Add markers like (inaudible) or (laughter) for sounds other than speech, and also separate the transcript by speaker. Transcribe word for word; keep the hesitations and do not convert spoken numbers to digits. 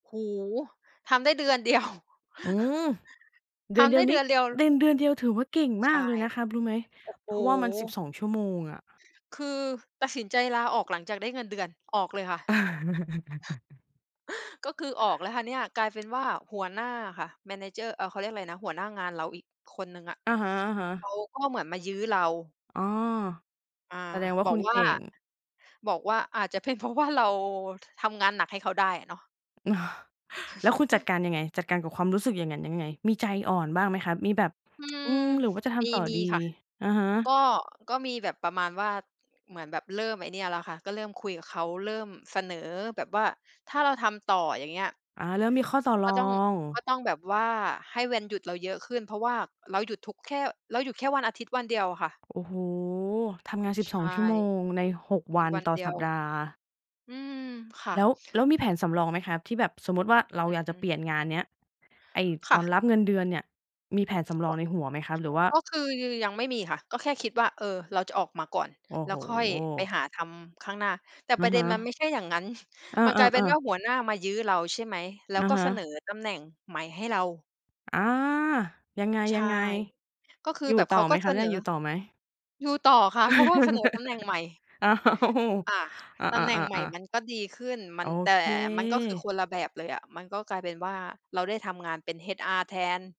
Speaker 1: โอ้โฮ! ทำได้เดือน เดียว
Speaker 2: อืม เด
Speaker 1: ท
Speaker 2: ือนเด
Speaker 1: ำไ
Speaker 2: ี
Speaker 1: ด้
Speaker 2: ยว
Speaker 1: เ
Speaker 2: น
Speaker 1: ด
Speaker 2: ี้
Speaker 1: ือนเดียว ล
Speaker 2: เดือน เดือนเดียวถือว่าเก่ง
Speaker 1: ใ
Speaker 2: ม
Speaker 1: ช
Speaker 2: า
Speaker 1: ่
Speaker 2: กเลยนะครับรู้ไหม?
Speaker 1: โอ้โ
Speaker 2: เพราะว่ามัน สิบ
Speaker 1: ฮ!
Speaker 2: สอง ชั่วโมงอะ
Speaker 1: คือตัดสินใจลาออกหลังจากได้เงินเดือน ออกเลยค่ะ
Speaker 2: (chuckles)
Speaker 1: ก็คือออกแล้วค่ะเนี่ย กลายเป็นว่าหัวหน้าอะค่ะ manager เอ่อ เขาเรียกไรนะ หัวหน้างานเราอีกคนหนึ่งอะ
Speaker 2: อะฮะ
Speaker 1: เขา
Speaker 2: ๆ
Speaker 1: ก็เหมือนมายื้อเรา
Speaker 2: อ๋อ
Speaker 1: อา
Speaker 2: แสดงว่า
Speaker 1: บ
Speaker 2: ค
Speaker 1: อ
Speaker 2: ุ
Speaker 1: ก
Speaker 2: ณ
Speaker 1: ว
Speaker 2: เก
Speaker 1: ่า
Speaker 2: ่ง
Speaker 1: บอกว่าอาจจะเป็นเพราะ ว่า เราทำงานหนักให้เขาได้เนาะ
Speaker 2: (chuckles) แล้วคุณจัด
Speaker 1: (chuckles)
Speaker 2: การยังไง จัดการกับความรู้สึกอย่างงั้นยังไง? มีใจอ่อนบ้างไหมครับ มีแบบ
Speaker 1: อื
Speaker 2: (tsk) อื
Speaker 1: ม
Speaker 2: ม หรือว่าจะท
Speaker 1: มี
Speaker 2: ำต่อ
Speaker 1: มี
Speaker 2: ดี?
Speaker 1: ค่ะ
Speaker 2: อะฮะ
Speaker 1: ก็ ก็มีแบบประมาณว่า เหมือนแบบเริ่มไอ้เนี่ยแล้วค่ะ ก็เริ่มคุยกับเขา เริ่มเสนอแบบว่า "ถ้าเราทำต่อ อย่างเงี้ย"
Speaker 2: อา เริ่มมีข้อต่อร
Speaker 1: "ก
Speaker 2: อ
Speaker 1: ็ต้อง
Speaker 2: ง
Speaker 1: ก็ต้องแบบว่าให้วันหยุดเราเยอะขึ้น" เพราะว่าเราหยุดทุก แค่ เราหยุดแค่วันอาทิตย์วันเดียวอะค่ะ
Speaker 2: โอ้โฮ ทำงาน สิบ
Speaker 1: ใช
Speaker 2: สอง
Speaker 1: ่
Speaker 2: ชั่วโมงใน หก
Speaker 1: ห
Speaker 2: ว
Speaker 1: ยุ
Speaker 2: ั
Speaker 1: ด
Speaker 2: น
Speaker 1: วัน
Speaker 2: ต่อ
Speaker 1: เดี
Speaker 2: ส
Speaker 1: ย
Speaker 2: ัป
Speaker 1: ว
Speaker 2: ดาห์
Speaker 1: อืม ค่
Speaker 2: แ
Speaker 1: ะ
Speaker 2: ล้ว แล้วมีแผนสำรองไหมครับ? ที่แบบสมมุติว่าเรา
Speaker 1: อื
Speaker 2: อย
Speaker 1: อ
Speaker 2: ากจ
Speaker 1: ฮ
Speaker 2: ะ
Speaker 1: ึ
Speaker 2: เปลี่ยนงานเนี้ย ไอ้
Speaker 1: ค
Speaker 2: ต
Speaker 1: ่
Speaker 2: อน
Speaker 1: ะ
Speaker 2: รับเงินเดือนเนี่ยมีแผนสำร
Speaker 1: ก
Speaker 2: อง
Speaker 1: ็
Speaker 2: ในหัวไหมครับ? หรือว่า
Speaker 1: ก็คือยังไม่มีค่ะ ก็แค่คิดว่า เออ เราจะออกมาก่อน
Speaker 2: โอ้
Speaker 1: แล้
Speaker 2: โฮ
Speaker 1: วค่อยไปหาทำข้างหน้า แต่
Speaker 2: อ
Speaker 1: ป
Speaker 2: ะ
Speaker 1: ระเด
Speaker 2: ฮ
Speaker 1: ็นมันไม
Speaker 2: ะ
Speaker 1: ่ใช่อย่างงั้น
Speaker 2: อ
Speaker 1: (chuckles) มันกลายเป็น
Speaker 2: า
Speaker 1: ว
Speaker 2: ๆ
Speaker 1: ่
Speaker 2: ๆ
Speaker 1: าหัวหน้ามายื้อเรา ใช่ไหม แล้
Speaker 2: อ
Speaker 1: ว
Speaker 2: ะ
Speaker 1: ก็
Speaker 2: ฮ
Speaker 1: เสน
Speaker 2: ะ
Speaker 1: อตำแหน่งใหม่ให้เรา
Speaker 2: อา ยังไ
Speaker 1: ใช่
Speaker 2: ง
Speaker 1: ก็คื
Speaker 2: ๆ
Speaker 1: อ
Speaker 2: อยู
Speaker 1: แ
Speaker 2: ่
Speaker 1: บบเ
Speaker 2: ต
Speaker 1: ข
Speaker 2: ่อ
Speaker 1: า
Speaker 2: ไ
Speaker 1: ก
Speaker 2: หม
Speaker 1: ็
Speaker 2: คร
Speaker 1: เส
Speaker 2: ับ
Speaker 1: น
Speaker 2: ยั
Speaker 1: อ
Speaker 2: งอยู่ต่อไหม?
Speaker 1: อยู่ต่อค่ะ เพราะว่าเสนอตำแหน่
Speaker 2: (chuckles)
Speaker 1: งใหม่
Speaker 2: อ้าว
Speaker 1: อา
Speaker 2: อา
Speaker 1: ตำแหน่งใหม่
Speaker 2: ๆ
Speaker 1: ม
Speaker 2: ๆ ๆ
Speaker 1: ันก็ดีขึ้น ม
Speaker 2: โ
Speaker 1: ั
Speaker 2: อ
Speaker 1: น แต่
Speaker 2: เ
Speaker 1: มันก็คือ
Speaker 2: ค
Speaker 1: คนละแบบเลยอะ มันก็กลายเป็นว่าเราได้ทำงานเป็น HR แทน